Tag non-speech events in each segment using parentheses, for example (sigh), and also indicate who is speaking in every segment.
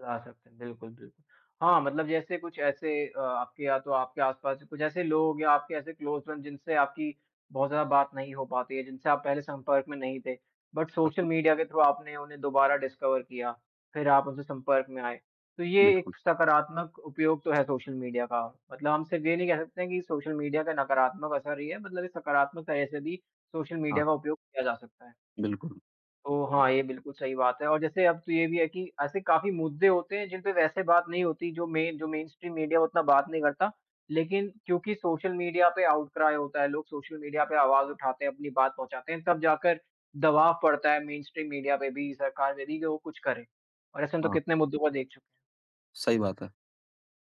Speaker 1: ला सकते हैं, बिल्कुल, बिल्कुल हाँ, मतलब जैसे कुछ ऐसे अ, आपके या तो आपके आस-पास कुछ ऐसे लोग या आपके ऐसे क्लोज़ फ्रेंड जिनसे आपकी बहुत ज़्यादा बात नहीं हो पाती है, जिनसे आप पहले संपर्क में नहीं थे, बट सोशल
Speaker 2: (unintelligible)
Speaker 1: मीडिया के थ्रू आपने उन्हें दोबारा डिस्कवर किया फिर आप उनसे संपर्क में आए। तो ये
Speaker 2: बिल्कुल।
Speaker 1: एक सकारात्मक उपयोग तो है, सोशल मीडिया का मतलब हम सिर्फ़ ये नहीं कह सकते हैं कि सोशल मीडिया का नकारात्मक असर ही है, मतलब ये सकारात्मक तरह से भी सोशल
Speaker 2: हाँ।
Speaker 1: मीडिया का उपयोग किया जा सकता है।
Speaker 2: बिल्कुल।
Speaker 1: तो हाँ, ये बिल्कुल सही बात है और जैसे अब तो ये भी है कि ऐसे काफ़ी मुद्दे होते हैं, जिन पे वैसे बात नहीं होती, जो मेन जो मेनस्ट्रीम मीडिया उतना बात नहीं करता लेकिन क्योंकि सोशल मीडिया पे आउट क्राइ होता है लोग सोशल मीडिया पे आवाज़ उठाते हैं, अपनी बात पहुँचाते हैं। तब जाकर दबाव पड़ता है मेनस्ट्रीम मीडिया पे भी, सरकार पे भी, कि वो कुछ करें और ऐसा हम तो
Speaker 2: हाँ।
Speaker 1: कितने मुद्दों पर देख चु
Speaker 2: सही बात है।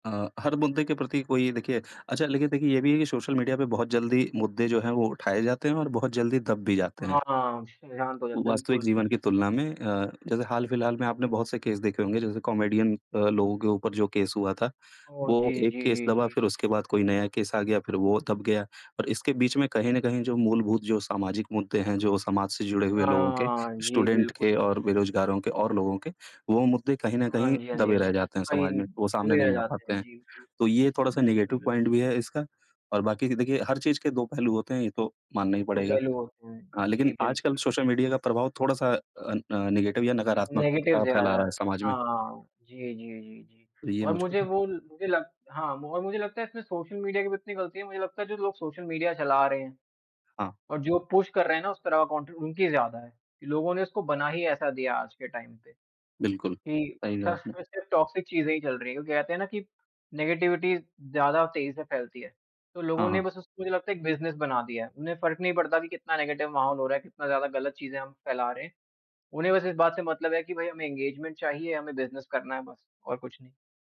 Speaker 2: अ, हर मुद्दे के प्रति कोई देखिए अच्छा लेकिन देखिए ये भी है कि सोशल मीडिया पे बहुत जल्दी मुद्दे जो हैं, वो उठाए जाते हैं और बहुत जल्दी दब भी जाते हैं।
Speaker 1: हाँ श शांत हो जाए।
Speaker 2: वो वास्तविक
Speaker 1: बिल्कुल,
Speaker 2: जीवन की
Speaker 1: बिल्कुल।
Speaker 2: तुलना में अ, जैसे हाल-फिलहाल में आपने बहुत से केस देखे होंगे, जैसे कॉमेडियन अ, लोगों के ऊपर जो केस हुआ था,
Speaker 1: ओ,
Speaker 2: वो
Speaker 1: जी,
Speaker 2: एक
Speaker 1: जी,
Speaker 2: केस
Speaker 1: जी,
Speaker 2: दबा,
Speaker 1: जी।
Speaker 2: फिर उसके बाद कोई नया केस आ गया फिर वो दब गया और इसके बीच में कहीं न कहीं जो मूलभूत जो सामाजिक मुद्दे हैं, जो समाज से जुड़े हुए लोगों के,
Speaker 1: हाँ, जी,
Speaker 2: स्टूडेंट
Speaker 1: बिल्कुल,
Speaker 2: के और
Speaker 1: बिल्कुल।
Speaker 2: बेरोजगारों के और लोगों के, वो मुद्दे कहीं न
Speaker 1: हाँ
Speaker 2: कहीं
Speaker 1: जी, हाँ जी,
Speaker 2: दबे
Speaker 1: हाँ जी,
Speaker 2: रह जाते हैं समाज
Speaker 1: वहीं
Speaker 2: में, वो सामने
Speaker 1: दबे रह
Speaker 2: नहीं आ
Speaker 1: जाते
Speaker 2: पाते
Speaker 1: हैं।
Speaker 2: हैं।
Speaker 1: जी,
Speaker 2: तो
Speaker 1: बिल्कुल,
Speaker 2: ये थोड़ा-सा नेगेटिव
Speaker 1: बिल्कुल।
Speaker 2: पॉइंट भी है इसका और बाकी कि देखिए हर चीज़ के 2 पहलू होते हैं ये तो मानना ही
Speaker 1: दो
Speaker 2: पड़ेगा।
Speaker 1: पहलू होते हैं।
Speaker 2: हाँ,
Speaker 1: जी
Speaker 2: लेकिन आजकल
Speaker 1: बिल्कुल।
Speaker 2: सोशल मीडिया का प्रभाव थोड़ा-सा अन अ, नेगेटिव या नकारात्मक
Speaker 1: नेगेटिव
Speaker 2: अ,
Speaker 1: ज़्यादा
Speaker 2: फैला रहा
Speaker 1: है।
Speaker 2: है समाज में।
Speaker 1: हाँ, हाँ, जी, जी, जी, जी
Speaker 2: तो ये
Speaker 1: और
Speaker 2: मुझको।
Speaker 1: मुझे वो ल मुझे लग हाँ, और मुझे लगता है फिर इसमें सोशल मीडिया की भी उतनी गलती, है मुझे लगता है जो लोग सोशल मीडिया चला रहे हैं
Speaker 2: हाँ।
Speaker 1: और जो पुश कर रहे हैं ना उस तरह का कंटेंट उनकी ज़्यादा है कि लोगों ने इसको बना ही ऐसा दिया आज के टाइम पे
Speaker 2: बिल्कुल।
Speaker 1: कि
Speaker 2: सही कहा
Speaker 1: बस
Speaker 2: आपने।
Speaker 1: इसमें सिर्फ टॉक्सिक चीज़ें ही चल रही हैं क्योंकि कहते हैं ना कि नेगेटिविटी ज़्यादा तेज़ी से फैलती है, तो
Speaker 2: हाँ,
Speaker 1: लोगों ने
Speaker 2: हाँ।
Speaker 1: बस उसको मुझे लगता है एक बिज़नेस बना दिया है उन्हें फ़र्क नहीं पड़ता कि कितना नेगेटिव माहौल हो रहा है, कितना ज़्यादा गलत चीज़ें हम फैला रहे हैं। उन्हें बस इस बात से मतलब है कि भाई हमें एंगेजमेंट चाहिए, हमें बिज़नेस करना है बस और कुछ नहीं।